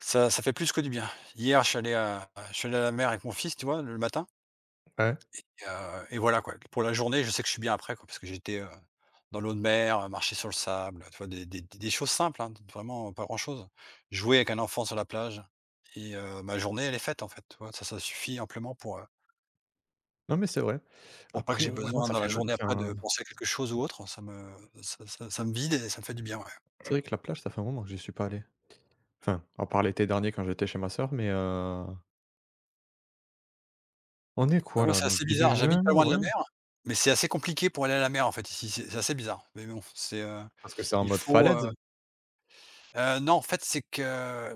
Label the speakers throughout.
Speaker 1: Ça ça fait plus que du bien. Hier, je suis allé à à je suis allé à la mer avec mon fils, tu vois, le matin
Speaker 2: Ouais.
Speaker 1: et heu, et voilà quoi. P pour la journée, je sais que je suis bien après quoi parce que j'ai été, heu, dans l'eau de mer, heu, marcher sur le sable, heu, tu vois, des des des choses simples, hein d vraiment pas grand-chose. Jouer avec un enfant sur la plage et heu, ma journée, elle est faite en fait, tu vois, ça, ça suffit amplement pour, heu
Speaker 2: Non mais c'est vrai.
Speaker 1: pour pas que
Speaker 2: Après
Speaker 1: j'ai
Speaker 2: ouais moi
Speaker 1: besoin
Speaker 2: ça
Speaker 1: dans
Speaker 2: fait
Speaker 1: la
Speaker 2: lon
Speaker 1: journée après
Speaker 2: enfin
Speaker 1: de penser à quelque chose ou autre, ça me ça ça ça me vide et ça me fait du bien,
Speaker 2: C'est
Speaker 1: ouais.
Speaker 2: vrai que la plage ça fait un moment que j'y suis pas allé. Enfin à part l'été dernier quand j'étais chez ma sœur mais heu On est
Speaker 1: Bah
Speaker 2: quoi
Speaker 1: moi
Speaker 2: là, on
Speaker 1: c'est
Speaker 2: est
Speaker 1: assez
Speaker 2: début
Speaker 1: bizarre,
Speaker 2: juin,
Speaker 1: j'habite pas loin de
Speaker 2: ouais?
Speaker 1: la mer, mais c'est assez compliqué pour aller à la mer en fait ici, c'est c'est assez bizarre, mais bon, c'est, heu,
Speaker 2: Parce que c'est en
Speaker 1: il
Speaker 2: mode
Speaker 1: faut, heu
Speaker 2: falaise?
Speaker 1: Heu, non, en fait, c'est que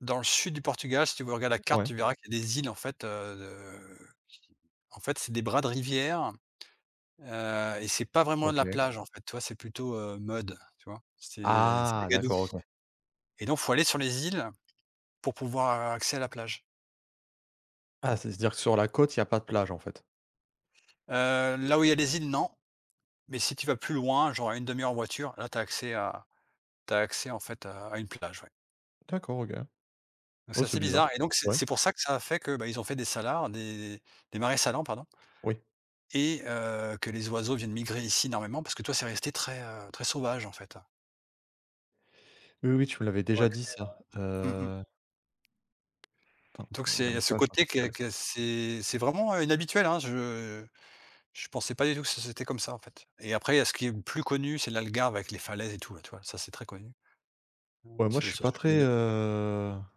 Speaker 1: dans le sud du Portugal, si tu veux regardes la carte,
Speaker 2: Ouais.
Speaker 1: tu verras qu'il y a des îles en fait, heu, de en fait, c'est des bras de rivière, heu, et c'est pas vraiment de la
Speaker 2: OK.
Speaker 1: plage en fait, tu vois, c'est plutôt, heu, mud, tu vois? C'est c'est de
Speaker 2: Ah,
Speaker 1: la gadoue,
Speaker 2: d'accord OK.
Speaker 1: et donc il faut aller sur les îles pour pouvoir, heu, accès à la plage.
Speaker 2: Ah c'est ce dire que sur la côte, il y a pas de plage en fait.
Speaker 1: Heu, là où il y a les îles, non, mais si tu vas plus loin, genre à 1/2 heure en voiture, là, tu as accès à tu as accès en fait à, à une plage ouais.
Speaker 2: D'accord OK,
Speaker 1: Bah
Speaker 2: oh
Speaker 1: c'est
Speaker 2: c'est
Speaker 1: assez bizarre,
Speaker 2: bizarre,
Speaker 1: et donc c'est
Speaker 2: ouais.
Speaker 1: c'est pour ça que ça a fait que, bah, ils ont fait des salars des des marais salants pardon
Speaker 2: Oui.
Speaker 1: et heu, que les oiseaux viennent migrer ici énormément parce que tu vois, c'est resté très, heu, très sauvage, en fait.
Speaker 2: Oui, oui, tu me l'avais
Speaker 1: Ont
Speaker 2: déjà
Speaker 1: accès
Speaker 2: dit ça.
Speaker 1: à mmh mh.
Speaker 2: Heu Attends,
Speaker 1: Donc
Speaker 2: heu,
Speaker 1: c'est il y a
Speaker 2: j'arrive
Speaker 1: ce
Speaker 2: pas à
Speaker 1: côté
Speaker 2: charger où il
Speaker 1: que
Speaker 2: fallait.
Speaker 1: que c'est c'est vraiment, heu, inhabituel, hein? Je je pensais pas du tout que ce c'était comme ça en fait, et après, il y a ce qui est plus connu, c'est l'Algarve avec les falaises et tout, ouais tu vois, ça, c'est très connu,
Speaker 2: Ouais
Speaker 1: ou. [unintelligible] je
Speaker 2: moi
Speaker 1: sais
Speaker 2: je
Speaker 1: pas
Speaker 2: suis
Speaker 1: si
Speaker 2: pas
Speaker 1: tu
Speaker 2: très,
Speaker 1: connais?
Speaker 2: heu